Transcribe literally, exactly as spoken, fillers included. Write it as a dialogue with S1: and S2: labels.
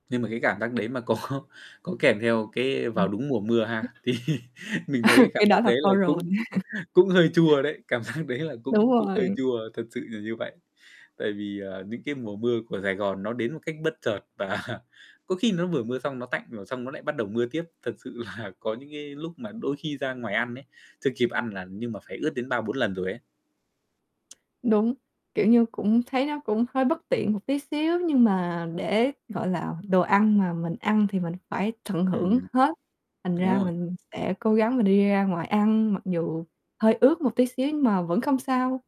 S1: Nhưng mà cái cảm giác đấy mà có có kèm theo cái
S2: Ừm.
S1: vào đúng mùa mưa
S2: [unintelligible]
S1: ha, thì mình thấy cái
S2: Cái
S1: cảm
S2: đó
S1: giác
S2: là
S1: đấy là
S2: thôi rồi.
S1: cũng cũng hơi chua đấy, cảm giác đấy là
S2: Đúng
S1: cũng cũng hơi
S2: rồi.
S1: chua, thật sự là như vậy. Tại vì, à, những cái mùa mưa của Sài Gòn nó đến một cách bất chợt và có khi nó vừa mưa xong nó tạnh rồi xong nó lại bắt đầu mưa tiếp. Thật sự là có những cái lúc mà đôi khi ra ngoài ăn ấy, chưa kịp ăn là nhưng mà phải ướt đến ba bốn lần rồi ấy.
S2: Đúng, kiểu như, cũng thấy nó cũng hơi bất tiện một tí xíu, nhưng mà để, gọi là, đồ ăn mà mình ăn thì mình phải tận hưởng
S1: Ừm.
S2: hết, thành
S1: Đúng
S2: ra
S1: rồi.
S2: mình sẽ cố gắng mình đi ra ngoài ăn mặc dù hơi ướt một tí xíu, nhưng mà vẫn không sao.